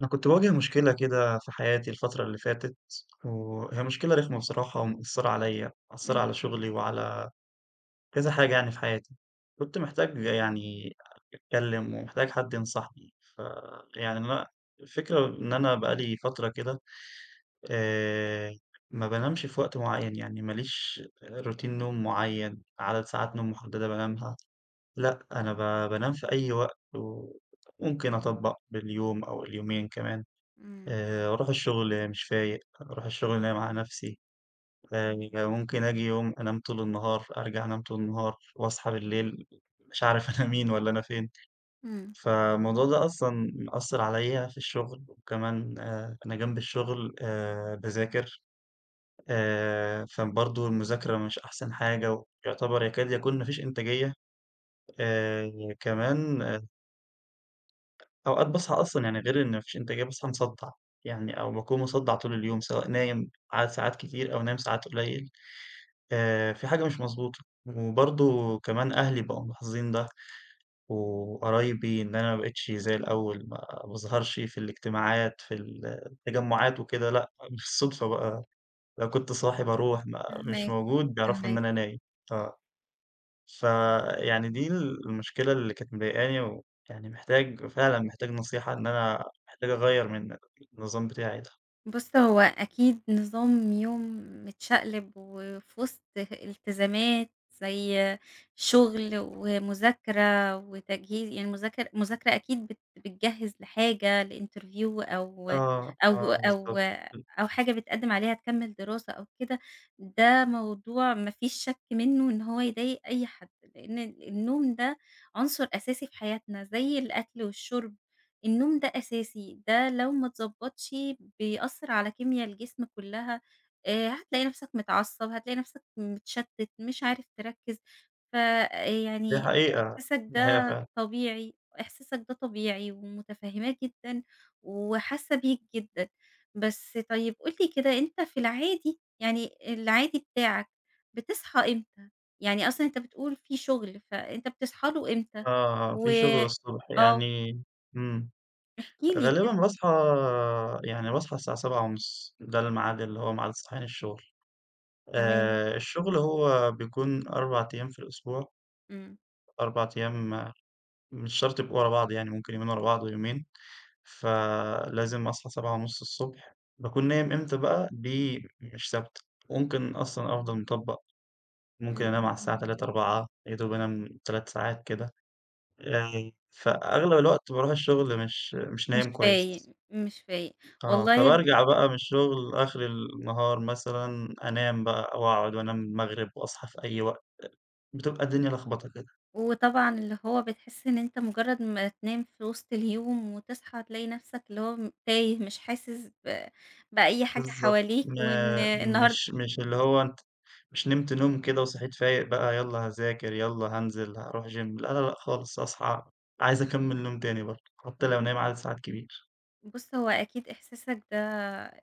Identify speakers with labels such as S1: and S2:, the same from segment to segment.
S1: أنا كنت باواجه مشكلة كده في حياتي الفترة اللي فاتت، وهي مشكلة رخمة بصراحة ومأثرة عليَّ، مأثرة
S2: إمم.
S1: على شغلي وعلى كذا حاجة يعني في حياتي، كنت محتاج يعني أتكلم ومحتاج حد ينصحني. فيعني أنا الفكرة إن أنا بقى لي فترة كده آآ ما بانامش في وقت معيّن، يعني ما ليش روتين نوم معيّن، عدد ساعات نوم محددة بانامها، لأ أنا ب بانام في أي وقت، وممكن أطبق باليوم أو اليومين كمان،
S2: إمم.
S1: آآ أروح الشغل مش فايق، أروح الشغل نايم على نفسي، آآ ممكن آجي يوم أنام طول النهار، أرجع أنام طول النهار وأصحى بالليل مش عارف أنا مين والّا أنا فين.
S2: إمم.
S1: فالموضوع ده أصلًا مأثر عليَّ في الشغل، وكمان آآ أنا جنب الشغل آآ باذاكر، آآ فبرضه المذاكرة مش أحسن حاجة، ويعتبر يكاد يكون ما فيش إنتاجية. آآ كمان أوقات باصحى أصلًا يعني غير إن ما فيش إنتاجية، باصحى مصدع يعني أو باكون مصدع طول اليوم، سواء نايم عدد ساعات كتير أو نايم ساعات قليل آآ في حاجة مش مضبوطة، وبرضه كمان أهلي بقوا ملاحظين ده وقرايبي إن أنا ما بقتش زي الأول، ما باظهرش في الاجتماعات في ال التجمعات وكده، لأ بالصدفة بقى لو كنت صاحي باروح، ما مش
S2: فاهماك،
S1: موجود بيعرفوا إن
S2: فاهماك.
S1: أنا نايم. ف فيعني دي المشكلة اللي كانت مضايقاني، ويعني محتاج فعلًا محتاج نصيحة إن أنا محتاج أغيّر من النظام بتاعي ده.
S2: بُص هو أكيد نظام يوم متشقلب، وفي وسط ه التزامات زي شغل و مذاكرة وتجهي ي المذاكرة المذاكرة أكيد بت بتجهز لحاجة لinterview أو
S1: آه،
S2: أو
S1: آه
S2: أو
S1: بالضبط. [unintelligible]
S2: أو حاجة بتقدم عليها تكمل دراسة أو كده؛ ده موضوع ما فيش شك منّه إن هو يضايق أي حد. لأن النوم ده عنصر أساسي في حياتنا، زي الأكل والشرب النوم ده أساسي، ده لو ما اتضبطش بيأثر على كيميا الجسم كلّها، آآ هتلاقي نفسك متعصب، هتلاقي نفسك مِتشتت مش عارف تركز.
S1: دي
S2: فيعني
S1: حقيقة،
S2: إحساسك
S1: دي حقيقة
S2: ده
S1: فعلًا.
S2: طبيعي، إحساسك ده طبيعي ومتفهماه جدًا وحاسّة بيك جدًا. بس طيّب قُل لي كده أنت في العادي يعني العادي بتاعك بتصحى إمتى؟ يعني أصلًا أنت بتقول في شغل فأنت بتصحى له إمتى؟
S1: آه، آه
S2: و
S1: في شغل الصبح،
S2: آه.
S1: يعني امم.
S2: احكِ لي كد
S1: غالبًا باصحى يعني باصحى الساعة 7:30، ده الميعاد اللي هو ميعاد صحيان الشغل.
S2: تمام.
S1: آآ الشغل هو بيكون 4 أيّام في الأسبوع
S2: امم.
S1: 4 أيّام مش شرط يبقوا ورا بعض، يعني ممكن يومين ورا بعض ويومين. فلازم أصحى 7:30 الصبح، باكون نايم إمتى بقى؟ دي مش ثابتة،، ممكن أصلًا أفضل مِطَبق،
S2: إمم
S1: ممكن أنام
S2: إمم
S1: على الساعة
S2: إمم.
S1: 3:00 4:00 يا دوب أنام 3 ساعات كده، آآ فأغلب الوقت باروح الشغل مش مش
S2: مش
S1: نايم كويّس.
S2: فايق مش فايق
S1: آه
S2: والله
S1: فبارجع بقى من الشغل آخر النهار مثلًا أنام بقى أو أقعد وأنام المغرب وأصحى في أي وقت، بتبقى الدنيا لخبطة كده.
S2: وطبعًا اللي هو بتحس إن أنت مجرّد ما تنام في وسط اليوم وتصحى تلاقي نفسك اللي هو م تايه، مش حاسس ب بأي حاجة
S1: بالضبط،
S2: حواليك، وإن
S1: ما
S2: النهارد
S1: مش مش اللي هو أنت، مش نمت نوم كده وصحيت فايق بقى يلّا هاذاكر يلّا هانزل هاروح جيم؛ لأ لأ لأ خالص، أصحى عايز أكمل نوم تاني برضو حتّى لو نايم عدد ساعات كبير.
S2: بُص هو أكيد إحساسك ده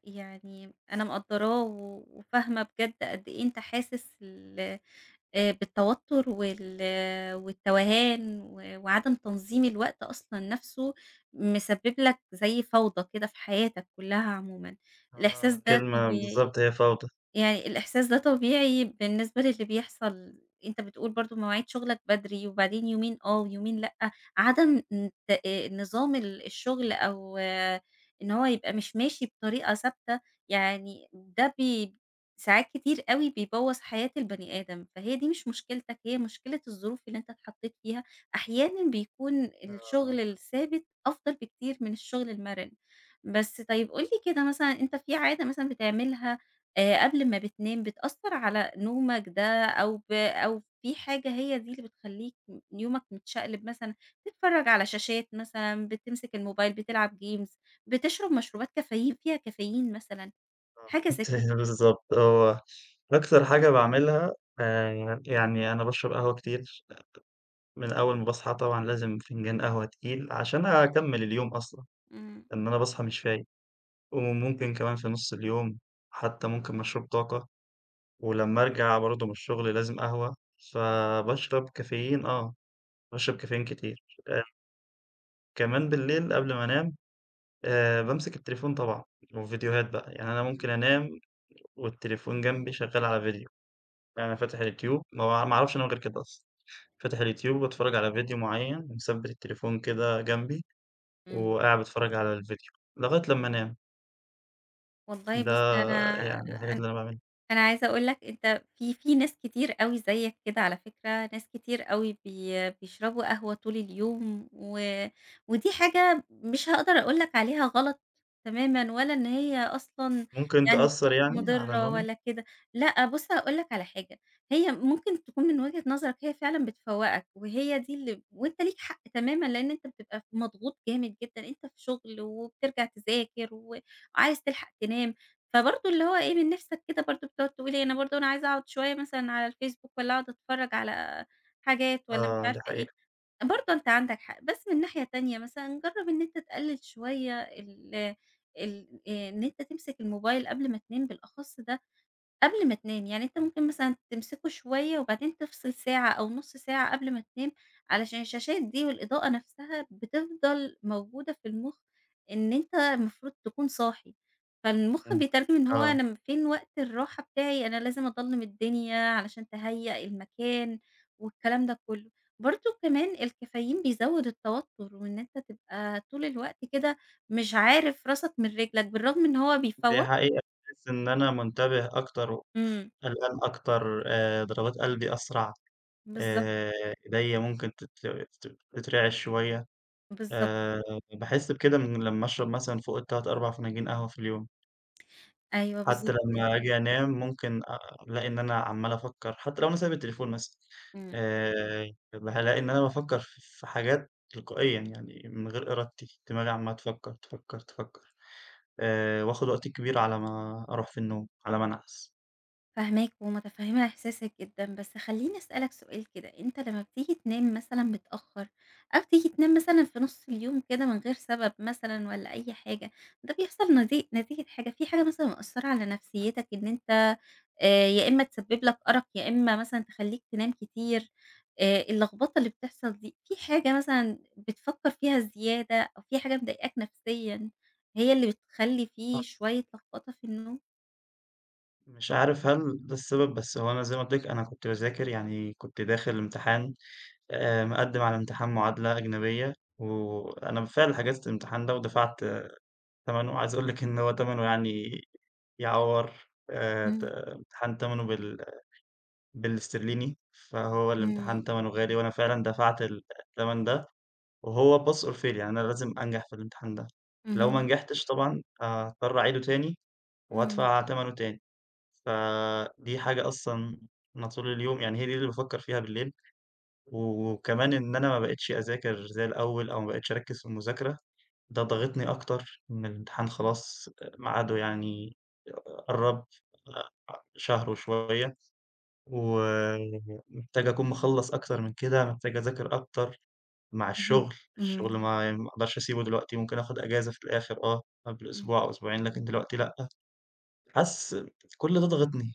S2: يعني، أنا مقدراه و وفاهمة بجد قد إيه أنت حاسس ال آآ بالتوتر وال والتوهان و وعدم تنظيم الوقت أصلًا نفسه، مسبب لك زيّ فوضى كده في حياتك كلها عمومًا، الإحساس
S1: آه،
S2: ده
S1: كلمة
S2: طبيعي،
S1: بالضبط هي فوضى.
S2: يعني الإحساس ده طبيعي بالنسبة للي بيحصل، أنت بتقول برضه مواعيد شغلك بدري وبعدين يومين آه ويومين لأ، عدم ن آآ، نظام ال الشغل أو، إن هو يبقى مش ماشي بطريقة ثابتة، يعني ده بي ساعات كتير أوي بيبوظ حياة البني آدم، فهي دي مش مشكلتك هي مشكلة الظروف اللي أنت اتحطيت فيها، أحيانًا بيكون
S1: أها.
S2: الشغل الثابت أفضل بكتير من الشغل المرن. بس طيب قُل لي كده مثلًا أنت في عادة مثلًا بتعملها آآ، قبل ما بتنام بتأثر على نومك ده، أو ب أو في حاجة هي دي اللي بتخليك يومك متشقلب مثلًا، تتفرج على شاشات مثلًا، بتمسك الموبايل بتلعب Games بتشرب مشروبات كافيين فيها كافيين مثلًا،
S1: آه،
S2: حاجة زي
S1: أنتِ
S2: كده؟
S1: بالضبط هو، أكتر حاجة باعملها آآ، يعني أنا باشرب قهوة كتير، من أول ما باصحى طبعًا لازم فنجان قهوة تقيل، عشان أكمل اليوم أصلًا،
S2: إمم.
S1: لإن أنا باصحى مش فايق، وممكن كمان في نُص اليوم حتى ممكن مشروب طاقة، ولما أرجع برضه من الشغل لازم قهوة، فباشرب كافيين آه، باشرب
S2: [unintelligible]
S1: كافيين كتير أ كمان باللّيل قبل ما أنام، آآ بامسك التليفون طبعًا والڤيديوهات بقى. يعني أنا ممكن
S2: [unintelligible]
S1: أنام والتليفون جنَبي شغّال على ڤيديو، ففاتح الYouTube ما با ما أعرفش أنام غير كده أصلًا. فاتح الYouTube وباتفرّج على ڤيديو مُعيّن ومثبِّت التليفون كده جنبي،،
S2: امم.
S1: وقاعد باتفرّج على الڤيديو لغاية لمّا أنام.
S2: والله
S1: ده
S2: بُصّ أنا
S1: يعني الحاجات
S2: أن
S1: إللّي أنا باعمِلها.
S2: أنا عايزة أقول لك أنت في في ناس كتير أوي زيّك كده على فكرة، ناس كتير أوي بي بيشربوا قهوة طول اليوم و ودي حاجة م مش هاقدر أقول لك عليها غلط تمامًا ولا إن هي أصلًا
S1: ممكن
S2: يعني
S1: تأثّر يعني، على
S2: مُضرّة
S1: نومي؟
S2: ولا كده. لأه بُصّ هاقول لك على حاجة، هي ممكن تكون من وجهة نظرك هي فعلًا بتفوقك وهي دي إللّي ب وأنت ليك حق تمامًا؛ لأن أنت بتبقى ف مضغوط جامد جدًا، أنت في شغل وبترجع تذاكر وعايز تلحق تنام، فبرضه إللّي هو إيه من نِفسك كده برضو بتقعد تقول إيه؟ أنا برضو أنا عايز أقعد شويّة مثلًا على الFcebook والّا أقعد أتفرّج على حاجات والّا مش
S1: آه، دي
S2: عارفة إيه،
S1: حقيقة.
S2: برضو أنت عندك حق. بس من ناحية تانية مثلًا جرّب إن أنت تقلل شويّة ال ال إن أنت تمسك الموبايل قبل ما تنام بالأخص ده قبل ما تنام. يعني أنت ممكن مثلًا تمسكُه شويّة وبعدين تفصل ساعة أو نُص ساعة قبل ما تنام علشان الشاشات دي والإضاءة نفسها بتفضل موجودة في المخ، إن أنت المفروض تكون صاحي، فالمخ
S1: امم،
S2: بيترجم إن هو
S1: آه.
S2: أنا امم فين وقت الرّاحة بتاعي؟ أنا لازم أضلَّم الدِّنيا علشان تهيأ المكان والكلام ده كلّه. برضو كمان الكافايين بيزوّد التوتّر وإن أنت تبقى طول الوقت كده مش عارف راسَك من رِجلَك بالرغم من إن هو
S1: دي
S2: بيفوّق
S1: حقيقة باحسّ إن أنا مُنتَبِه أكتر و
S2: امم.
S1: ف قلقان أكتر آآ ضربات قلبي أسرع
S2: بالضبط.
S1: آآ أيدَيّا ممكن تتر تت تترعش شويّة
S2: بالضبط.
S1: آآ باحس بكده من لمّا أشرب مثلًا فوق ال3 4 فناجين قهوة في اليوم!
S2: أيوه
S1: حتى
S2: بالضبط كده.
S1: لمّا آجي أنام ممكن أ ألاقي إن أنا عمّال أفكر، حتى لو أنا سايب التليفون مثلًا
S2: امم.
S1: آآ بابقى هالاقي إن أنا بافكر ف في حاجات تلقائيًا، يعني من غير إرادتي دماغي عمّالة تفكر تفكر تفكر، آآ وآخد وقت كبير على ما أروح في النوم، على ما أنعس.
S2: فاهماك ومتفهمة إحساسك جدًا، بس خليني أسألك سؤال كده أنت لمّا بتيجي تنام مثلًا متأخر، أو تيجي تنام مثلًا في نص اليوم كده من غير سبب مثلًا والّا أي حاجة، ده بيحصل نتي نتيجة حاجة في حاجة مثلًا مأثرة على نفسيتك، إن أنت آآ يا إما تسبب لك أرق، يا إما مثلًا تخليك تنام كتير، آآ اللخبطة اللي بتحصل دي في حاجة مثلًا بتفكر فيها زيادة، أو في حاجة مضايقاك نفسيًا هي اللي بتخلي في شوية
S1: [unintelligible]
S2: لخبطة في النوم؟
S1: مش عارف هل ده السبب، بس هو أنا زي ما قُلت لِك أنا كنت باذاكر، يعني كنت داخل امتحان آآ مقدم على امتحان معادلة أجنبية و وأنا بالفعل حجزت الامتحان ده ودفعت تمنه. عايز أقول لِك إن هو تمنه يعني يعوّر آآ ت
S2: امم.
S1: امتحان تمنه بال بالإسترليني، فهو الامتحان
S2: امم.
S1: تمنه غالي، وأنا فعلًا دفعت ال التمن ده، وهو pass or fail يعني أنا لازم أنجح في الامتحان ده، لو ما
S2: اهم.
S1: نجحتش طبعًا آآ هاضطر أعيده تاني،
S2: امم.
S1: وأدفع تمنه تاني. ف دي حاجة أصلًا م طول اليوم، يعني هي دي اللي بافكر فيها بالليل و وكمان إن أنا ما بقيتش أذاكر زي الأول أو ما بقيتش أركز في المذاكرة، ده ضاغطني أكتر إن الامتحان خلاص آآ ميعاده يعني ق ق قرّب، أ أ شهر وشوية، و محتاج أكون مخلّص أكتر من كده، محتاج أذاكر أكتر مع
S2: اهم،
S1: الشغل، الشغل
S2: امم.
S1: ما ي ما أقدرش أسيبه دلوقتي، ممكن آخد إجازة في الآخر آه، قبل
S2: امم.
S1: أسبوع أو أسبوعين لكن دلوقتي لأ. حاسس كل ده ضاغطني،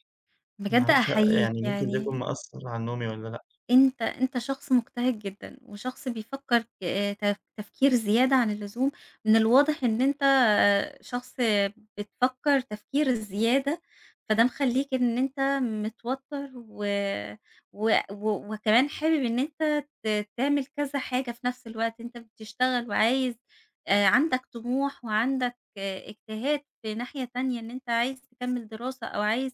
S1: ما
S2: بجد
S1: أعرفش
S2: أحييك
S1: يعني ممكن ده يكون
S2: يعني
S1: مأثر على نومي والّا لأ.
S2: أنت أنت شخص مجتهد جدًا وشخص بيفكر ك تف تفكير زيادة عن اللزوم، من الواضح إن أنت شخص بتفكر تفكير الزيادة، فده مخليك إن أنت متوتر و وأ و وكمان حابب إن أنت ت تعمل كذا حاجة في نفس الوقت، أنت بتشتغل وعايز، آآ، عندك طموح وعندك اجتهاد في ناحية تانية، إن أنت عايز تكمل دراسة أو عايز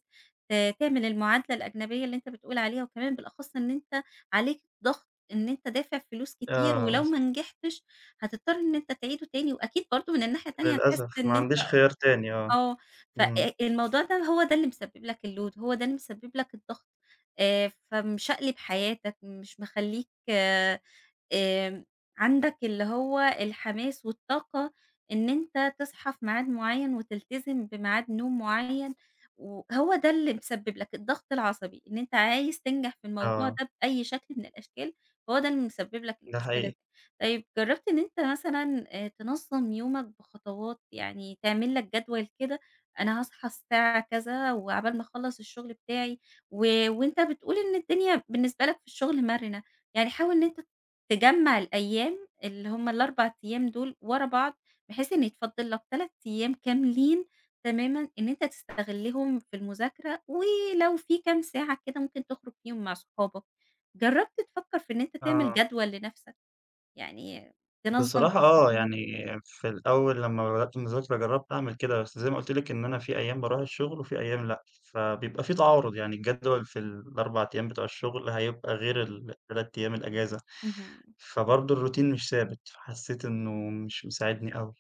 S2: ت تعمل المعادلة الأجنبية اللي أنت بتقول عليها، وكمان بالأخص إن أنت عليك ضغط إن أنت دافع فلوس كتير
S1: آه
S2: ولو
S1: بالظ
S2: ما نجحتش هتضطر إن أنت تعيده تاني، وأكيد برضه من الناحية التانية هتحس
S1: للأسف ما
S2: إن أنت
S1: عنديش خيار تاني آه.
S2: آه ف
S1: امم.
S2: أ الموضوع ده هو ده اللي مسبب لك الload، هو ده اللي مسبب لك الضغط، آآ فمشقلب حياتك، مش مخليك، آمم، عندك اللي هو الحماس والطاقة إن أنت تصحى في ميعاد معيّن وتلتزم بميعاد نوم معيّن، وهو ده اللي مسبب لك الضغط العصبي إن أنت عايز تنجح في الموضوع
S1: آه.
S2: ده بأي شكل من الأشكال، فهو ده اللي مسبب لك
S1: ده
S2: المشكلة
S1: حقيقي.
S2: دي. طيب جربت إن أنت مثلًا آآ تنظم يومك بخطوات، يعني تعمل لك جدول كده أنا هاصحى الساعة كذا وعقبال ما أخلص الشغل بتاعي، و وأنت بتقول إن الدنيا بالنسبة لك في الشغل مرنة، يعني حاول إن أنت ت تجمع الأيام اللي هم ال4 أيام دول ورا بعض، بحيث إن يتفضى لك 3 أيام كاملين تمامًا، إن أنت تستغلهم في المذاكرة، ولو في كام ساعة كده ممكن تخرج فيهم مع صحابك. جربت تفكر في إن أنت تعمل
S1: آه.
S2: جدول لنفسك، يعني تنظم
S1: بصراحة آه،
S2: أمورك؟
S1: يعني في الأول لمّا بدأت مذاكرة جرّبت أعمل كده، بس زي ما قلت لِك إن أنا في أيام باروح الشغل وفي أيام لأ، فبيبقى في تعارض يعني الجدول في ال4 أيام بتوع الشغل، هيبقى غير ال3 أيام الأجازة،
S2: اهم.
S1: فبرضه الروتين مش ثابت، فحسيت إنه مش مساعدني أوي.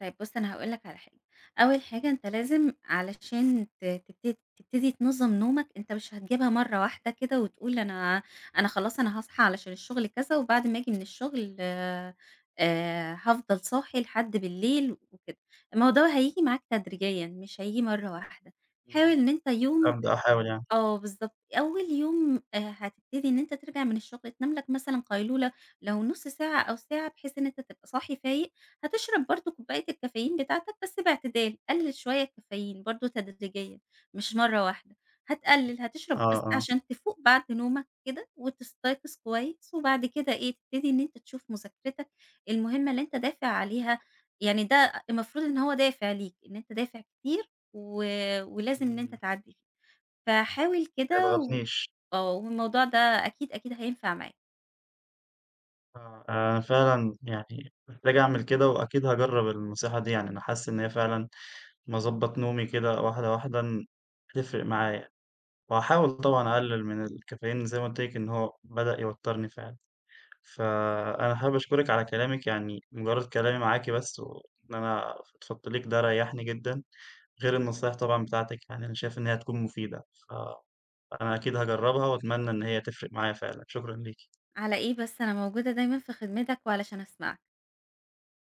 S2: طيب بُص أنا هاقول لك على حاجة، أول حاجة أنت لازم علشان ت تبت تبتدي تنظم نومك أنت مش هتجيبها مرة واحدة كده وتقول أنا أنا خلاص أنا هاصحى علشان الشغل كذا وبعد ما آجي من الشغل آآ، آآ هافضل صاحي لحد بالليل وكده، الموضوع هييجي معاك تدريجيًا، مش هييجي مرة واحدة. حاول
S1: اهم.
S2: إن أنت يوم
S1: أبدأ أحاول يعني.
S2: آه بالضبط أول يوم آآ هتبتدي إن أنت ترجع من الشغل تنام لك مثلًا قيلولة، لو نص ساعة أو ساعة بحيث إن أنت تبقى صاحي فايق، هتشرب برضه كوباية الكافيين بتاعتك بس باعتدال، قلل شوية الكافيين برضه تدريجيًا، مش مرة واحدة،
S1: [unintelligible]
S2: هتقلل هتشرب بس
S1: آه، آه.
S2: عشان تفوق بعد نومك كده، وتستيقظ كويس وبعد كده إيه تبتدي إن أنت تشوف مذاكرتك المهمة اللي أنت دافع عليها، يعني ده المفروض إن هو دافع ليك إن أنت دافع كتير و ولازم إن أنت
S1: إمم.
S2: تعدّي فحاول
S1: ما
S2: كده و
S1: يضغطنيش.
S2: آه والموضوع ده أكيد، أكيد هينفع معك.
S1: آه، أنا فعلًا يعني، محتاج أعمل كده وأكيد هاجرب النصيحة دي يعني، أنا حاسس إن هي فعلًا لما اضَبَّط نومي كده واحدة واحدة إن هتفرق معايا، وهاحاول طبعًا أقلل من الكافيين زي ما قلت لِك إنه هو بدأ يوترني فعلًا، فأنا حابب أشكرِك على كلامِك يعني مجرد كلامي معاكِ بس، وإن أنا فضفضت ليكِ ده ريحني جدًا، غير النصايح طبعًا بتاعتِك يعني أنا شايف إن هي هتكون مفيدة. ف أنا أكيد هاجربها، وأتمنى إن هي تفرق معايا فعلًا، شكرًا ليكِ.
S2: على إيه بس أنا موجودة دايمًا في خدمتك وعلشان أسمعك.